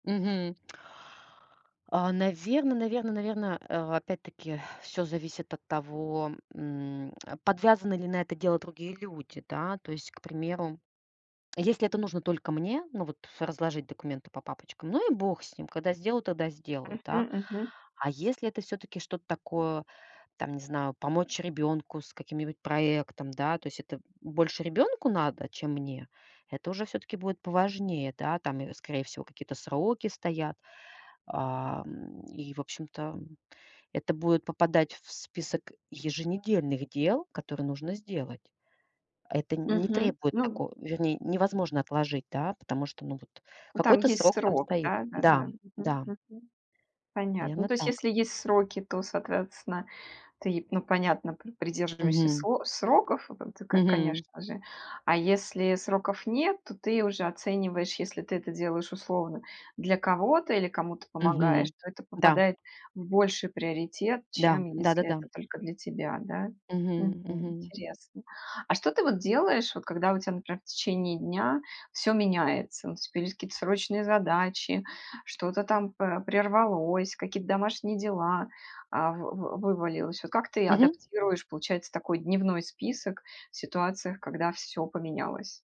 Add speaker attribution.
Speaker 1: Мгм. А, наверно наверно наверно, э, опять-таки, всё зависит от того, м э, подвязаны ли на это дело другие люди, да. То есть, к примеру, если это нужно только мне, ну вот, ф разложить документы по папочкам, ну и бог с ним. Когда сделаю, тогда сделаю, да.
Speaker 2: Мгм. Мгм.
Speaker 1: А если это всё-таки что-то такое, там, не знаю, помочь ребенку с каким-нибудь проектом, да, то есть это, м, больше ребенку надо, чем мне. Это уже все-таки будет поважнее. Да, там и, скорее всего, какие-то сроки стоят. Ам, и, в общем-то, м, это будет попадать в список еженедельных дел, которые нужно сделать. Это не
Speaker 2: Мгм.
Speaker 1: требует
Speaker 2: Ну
Speaker 1: тако вернее, невозможно отложить, да, потому что, ну, вот
Speaker 2: Ну, там
Speaker 1: какой-то
Speaker 2: есть
Speaker 1: срок там
Speaker 2: срок,
Speaker 1: стоит. Да,
Speaker 2: да-да-да. Мгм.
Speaker 1: да.
Speaker 2: Мгм. Понятно. Ну,
Speaker 1: Наверно,
Speaker 2: то есть,
Speaker 1: так.
Speaker 2: если есть сроки, то, соответственно, ты, ну, понятно, при придерживаешься
Speaker 1: Мгм.
Speaker 2: со сроков, ты, ко
Speaker 1: Мгм.
Speaker 2: конечно же. А если сроков нет, то ты уже оцениваешь: если ты это делаешь условно для кого-то или кому-то помогаешь,
Speaker 1: Мгм.
Speaker 2: то это
Speaker 1: Да.
Speaker 2: попадает в больший приоритет,
Speaker 1: Да,
Speaker 2: чем если
Speaker 1: да-да-да.
Speaker 2: это только для тебя, да. Мгм.
Speaker 1: Мгм. Мгм.
Speaker 2: Интересно. А что ты вот делаешь, вот когда у тебя, например, в течение дня всё меняется? Наступили какие-то срочные задачи, что-то там па прервалось, какие-то домашние дела а вы вы вывалилось. Вот как ты
Speaker 1: Мгм.
Speaker 2: адаптируешь, получается, такой дневной список в ситуациях, когда всё поменялось?